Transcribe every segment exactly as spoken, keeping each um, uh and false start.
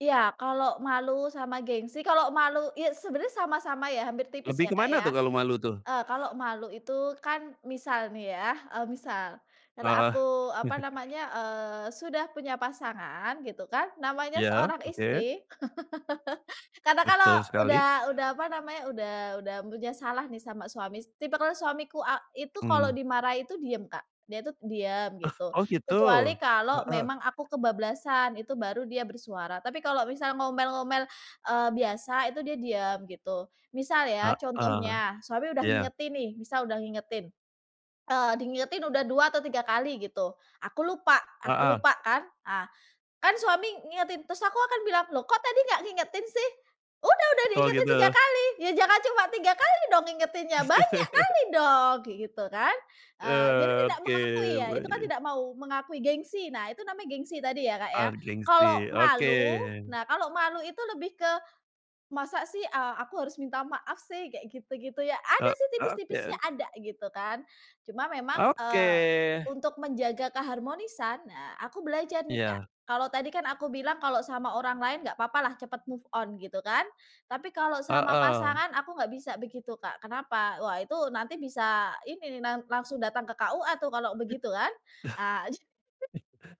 Iya kalau malu sama gengsi, kalau malu iyas sebenarnya sama-sama ya hampir tipis ya Lebih Kak, kemana ya. tuh, kalau malu tuh? E kalau malu itu kan, misal nih ya e misal, kalau Heeh. aku e apa namanya eee sudah punya pasangan gitu kan, namanya Iya, seorang oke. istri, karna kalau Betul sekali. udah udah apa namanya udah udah punya salah nih sama suamis, tipikal suamiku e itu kalau Mhm. dimarahi itu diem Kak, dia itu diem Ah. gitu Oh, gitu. kecuali kalau Heeh. memang aku kebablasan itu baru dia bersuara. Tapi kalau misal ngomel-ngomel e biasa itu dia diem gitu. Misal ya Heeh, contohnya, suami udah iya. ngingetin nih, misal udah ngingetin. E dingingetin udah dua atau tiga kali gitu, aku lupa aku Heeh. lupa kan. Ah, kan, suami ngingetin terus aku akan bilang "loh, kok tadi nggak ngingetin sih?" "Udah udah Oh, diinget tiga gitu. kali." "Iya, jangan cuma tiga kali dong ngingetinnya banyak kali dong!" kaya gitu kan. E jadi Eee, tidak oke mengakui ya, itu kan Mbaknya. tidak mau mengakui gengsi. Nah, itu namanya gengsi tadi ya Kak ya. ah Kalau gengsi, oke. malu, nah, kalau malu itu lebih ke, "masa sih e aku harus minta maaf sih" kayak gitu gitu ya, E ada sih oke, tipis-tipisnya oke. ada gitu kan. Cuma memang e Oke. untuk menjaga keharmonisan, nah, aku belajar nih, Kak. Iya. Kalau tadi kan, aku bilang kalau sama orang lain nggak apa-apa lah cepet move on gitu kan. Tapi kalau sama Heeh. pasangan aku nggak bisa begitu Kak, Kenapa? Wah itu nanti bisa ini ni nan langsung datang ke KUA tuh kalau begitu kan. E [unintelligible]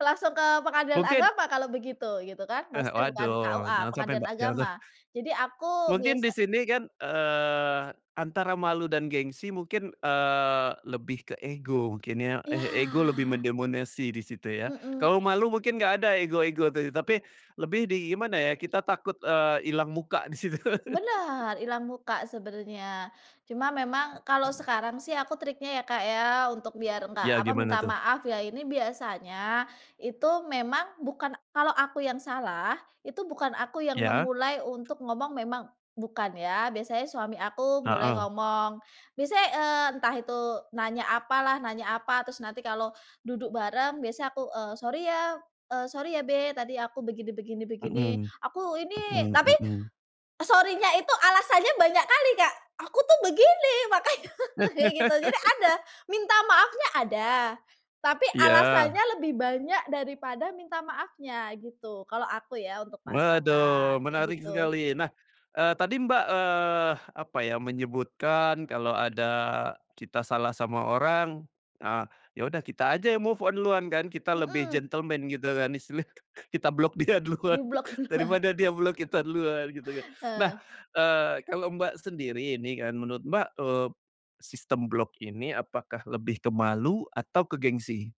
langsung ke Pengadilan Mungkin. Agama kalau begitu, gitu kan. Eh Maksudnya bukan waduh, KUA, jangan sampai Pengadilan Mbak, jangan sam. Agama. Jadi aku Mungkin di biasa sini kan, eee, antara malu dan gengsi mungkin. eee, lebih ke ego mungkin ya, eh ego lebih Iya. mendemonasi di situ ya. Mhm. Kalau malu mungkin enggak ada ego-ego itu, tapi lebih di gimana ya kita takut, eee, ilang muka di situ. Benar, ilang muka sebenarnya. Cuma memang kalau sekarang sih aku triknya ya Kak, ya, untuk biar enggak Ya apa gimana minta tuh? maaf ya ini biasanya, itu memang bukan kalau aku yang salah, itu bukan aku yang Iya. memulai untuk ngomong memang bukan ya biasanya suami aku mulai heow. ngomong. misa e entah itu nanya apa lah nanya apa terus nanti kalau duduk bareng biasa aku e sorry ya, e sorry ya Babe, tadi aku begini begini begini. Mhm, Aku ini, tapi mhm mhm. sorry-nya itu alasannya banyak kali Kak, aku tuh begini makannya kayak gitu, jadi ada, minta maafnya ada, tapi iya. alasannya lebih banyak daripada minta maafnya gitu kalau aku ya untuk pasangan, Waduh kayak menarik gitu. sekali. Nah, eee tadi Mbak, eee, apa ya menyebutkan kalau ada kita salah sama orang, ah ya udah kita aja yang move on duluan kan kita lebih Mhm. gentleman gitu kan, istilahnya kita block dia Di duluan, block duluan. daripada dia block kita duluan gitu kan. Nah, Eh. eee, kalau Mbak sendiri ini kan, menurut Mbak, eee, sistem block ini apakah lebih ke malu atau ke gengsi?